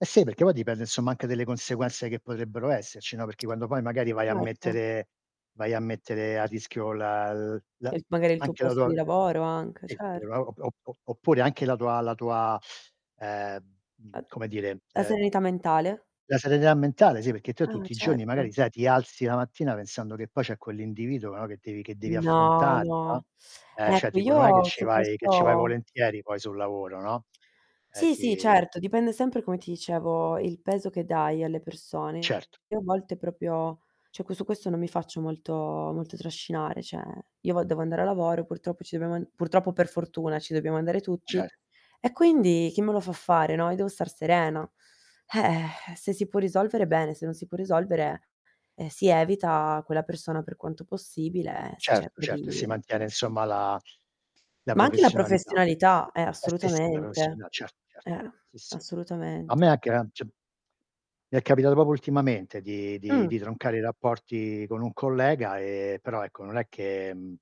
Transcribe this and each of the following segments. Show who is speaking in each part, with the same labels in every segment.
Speaker 1: Eh sì, perché poi dipende, insomma, anche delle conseguenze che potrebbero esserci, no, perché quando poi magari vai a
Speaker 2: Certo.
Speaker 1: mettere vai a mettere a rischio la l la
Speaker 2: E
Speaker 1: a
Speaker 2: magari il tuo
Speaker 1: anche la
Speaker 2: posto
Speaker 1: tua
Speaker 2: di
Speaker 1: sì
Speaker 2: lavoro anche,
Speaker 1: [unintelligible] o
Speaker 2: certo.
Speaker 1: op o o oppure anche la tua la tua, ehm,
Speaker 2: A
Speaker 1: mhmm, come dire,
Speaker 2: la
Speaker 1: uhm
Speaker 2: serenità mentale?
Speaker 1: la serenità mentale, sì, perché te
Speaker 2: Ah,
Speaker 1: tutti i giorni magari,
Speaker 2: certo.
Speaker 1: sai, ti alzi la mattina pensando che poi c'è quell'individuo, no, che devi che devi
Speaker 2: No,
Speaker 1: affrontare,
Speaker 2: no.
Speaker 1: no. Eh, cioè
Speaker 2: Ecco,
Speaker 1: tipo non è che
Speaker 2: io
Speaker 1: ce'
Speaker 2: su
Speaker 1: vai che ce' vai
Speaker 2: questo
Speaker 1: volentieri poi sul lavoro, no, ehm,
Speaker 2: Sì, sì,
Speaker 1: ti
Speaker 2: certo, dipende sempre, come ti dicevo, il peso che dai alle persone.
Speaker 1: Certo.
Speaker 2: Io a volte proprio cioè que su questo non mi faccio molto molto trascinare. Cioè, io vo devo andare a lavoro, purtroppo ci dobbiamo an purtroppo o per fortuna, ci dobbiamo andare tutti,
Speaker 1: Cer
Speaker 2: e quindi chi me lo fa fare, no, io devo star serena. Eh, se si può risolvere bene, se non si può risolvere, ehm, si evita quella persona per quanto possibile, si
Speaker 1: Certo,
Speaker 2: cerca
Speaker 1: certo. E si
Speaker 2: di
Speaker 1: mantiene insomma la la
Speaker 2: Ma anche la
Speaker 1: professionalità.
Speaker 2: professionalità, eh,
Speaker 1: Eh sì, sì, la
Speaker 2: assolutamente.
Speaker 1: professiona cer certo.
Speaker 2: Eh.
Speaker 1: Sì, sì. A
Speaker 2: Assolutament
Speaker 1: me anche la cioè mi è capitato proprio ultimamente di di
Speaker 2: Mh.
Speaker 1: di troncare i rapporti con un collega, ehm, però ecco, non è che mhmm,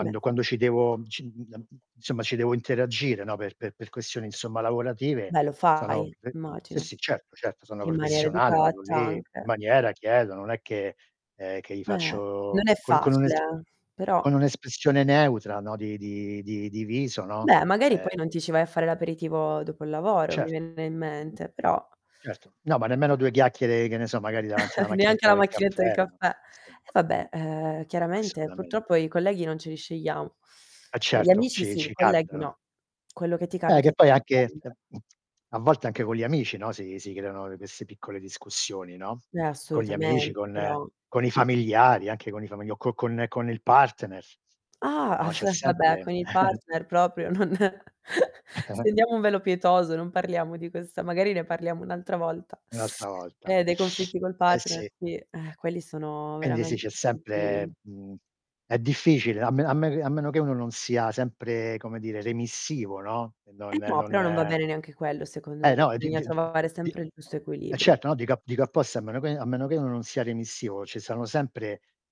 Speaker 2: Beh.
Speaker 1: quando ci devo, ci [unintelligible] insomma ci devo interagire no, per per per questioni, insomma, lavorative,
Speaker 2: Beh lo
Speaker 1: sono
Speaker 2: fai,
Speaker 1: ve sì,
Speaker 2: immagino,
Speaker 1: sì, certo, certo, sono
Speaker 2: in maniera
Speaker 1: professionale, vado
Speaker 2: educata
Speaker 1: lì in
Speaker 2: anche.
Speaker 1: maniera chiedo, non è che ehm, che gli
Speaker 2: Eh,
Speaker 1: faccio
Speaker 2: non è
Speaker 1: con con un'es
Speaker 2: facile, eh, però
Speaker 1: con un'espressione neutra no, di di di di viso, no,
Speaker 2: Beh, magari
Speaker 1: ehm
Speaker 2: poi non ti ci vai a fare l'aperitivo dopo il lavoro, mi
Speaker 1: Cer
Speaker 2: viene in
Speaker 1: mh-mh.
Speaker 2: mente, però
Speaker 1: Certo. No, ma nemmeno 2 chiacchiere, che ne so, magari davanti alla
Speaker 2: Neanche
Speaker 1: macchinetta
Speaker 2: alla
Speaker 1: del
Speaker 2: macchinetta del
Speaker 1: caffè, no
Speaker 2: caffè.
Speaker 1: sì
Speaker 2: E
Speaker 1: [unintelligible]
Speaker 2: vabbè, ehm, chiaramente
Speaker 1: Assolutamen
Speaker 2: purtroppo i colleghi non ce li scegliamo,
Speaker 1: Eh
Speaker 2: uhm, gli
Speaker 1: certo,
Speaker 2: amici
Speaker 1: ci
Speaker 2: sì, i
Speaker 1: ci
Speaker 2: colleghi
Speaker 1: capitano.
Speaker 2: no. Quello che ti
Speaker 1: Eh,
Speaker 2: capita
Speaker 1: che
Speaker 2: ti
Speaker 1: poi
Speaker 2: devi
Speaker 1: anche ehm,
Speaker 2: prendere.
Speaker 1: mhmm, a volte anche con gli amici, no, si si creano, uhm, queste piccole discussioni, no,
Speaker 2: Eh,
Speaker 1: con gli amici,
Speaker 2: assolutamente,
Speaker 1: con
Speaker 2: però
Speaker 1: con i familiari, anche con i familia o co con con il partner,
Speaker 2: Ah,
Speaker 1: no,
Speaker 2: ah f
Speaker 1: c'è
Speaker 2: vabbè,
Speaker 1: sempre
Speaker 2: con il partner proprio non stendiamo un velo pietoso, non parliamo di questa magari ne parliamo un'altra volta.
Speaker 1: Un'altra volta.
Speaker 2: Eh, dei conflitti col
Speaker 1: Eh
Speaker 2: partner,
Speaker 1: sì.
Speaker 2: sì, eh quelli sono
Speaker 1: Quindi sì,
Speaker 2: veramente
Speaker 1: c'è
Speaker 2: i più
Speaker 1: sempre mhmm, è difficile, a men a me che a meno che uno non sia sempre, come dire, remissivo, no, e non
Speaker 2: Eh no, però non va
Speaker 1: non
Speaker 2: bene neanche quello, secondo me,
Speaker 1: Eh no, e di
Speaker 2: bisogna
Speaker 1: di d
Speaker 2: trovare
Speaker 1: di
Speaker 2: sempre il giusto
Speaker 1: eh
Speaker 2: equilibrio.
Speaker 1: certo, no, dico a dico apposta, a meno che a meno che non sia remissivo ce' stanno,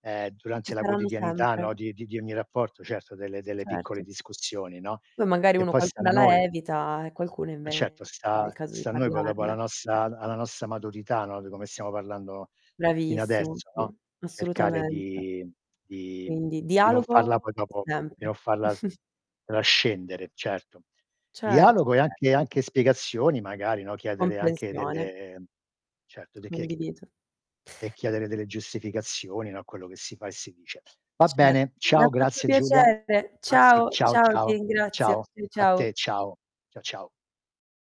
Speaker 1: ehm, durante
Speaker 2: Ci
Speaker 1: la
Speaker 2: saranno
Speaker 1: quotidianità,
Speaker 2: sempre.
Speaker 1: no, di di di ogni rapporto, certo, delle delle piccole
Speaker 2: Certo.
Speaker 1: discussioni, no,
Speaker 2: Poi magari
Speaker 1: e
Speaker 2: uno
Speaker 1: poi sta a
Speaker 2: qualcuna la
Speaker 1: noi
Speaker 2: evita, e qualcuno
Speaker 1: Eh,
Speaker 2: invece
Speaker 1: certo,
Speaker 2: dai è il
Speaker 1: sta
Speaker 2: caso di
Speaker 1: sta a noi poi dopo, alla
Speaker 2: parlarne.
Speaker 1: nostra a alla nostra maturità, no, di come stiamo parlando fino
Speaker 2: Bravissimo,
Speaker 1: adesso,
Speaker 2: sì,
Speaker 1: no, cercare
Speaker 2: assolutamente.
Speaker 1: di di mhmm,
Speaker 2: Quindi:
Speaker 1: di non farla
Speaker 2: dialogo
Speaker 1: poi dopo di
Speaker 2: sempre.
Speaker 1: non farla s trascendere, certo.
Speaker 2: Certo,
Speaker 1: Dialogo e anche
Speaker 2: certo.
Speaker 1: anche spiegazioni magari, no, chiedere anche
Speaker 2: Comprensione.
Speaker 1: delle certo, de che chi
Speaker 2: Condivido.
Speaker 1: e chiedere delle giustificazioni, no, a quello che si fa e si dice. Va
Speaker 2: Ce
Speaker 1: bene,
Speaker 2: mi ha
Speaker 1: ciao,
Speaker 2: fatto
Speaker 1: grazie Giulia.
Speaker 2: piacere.
Speaker 1: Ah sì,
Speaker 2: Ciao,
Speaker 1: ciao,
Speaker 2: ciao, ti
Speaker 1: ciao, ciao.
Speaker 2: ringrazio. Ciao,
Speaker 1: A
Speaker 2: ciao.
Speaker 1: te, ciao. Ciao, ciao.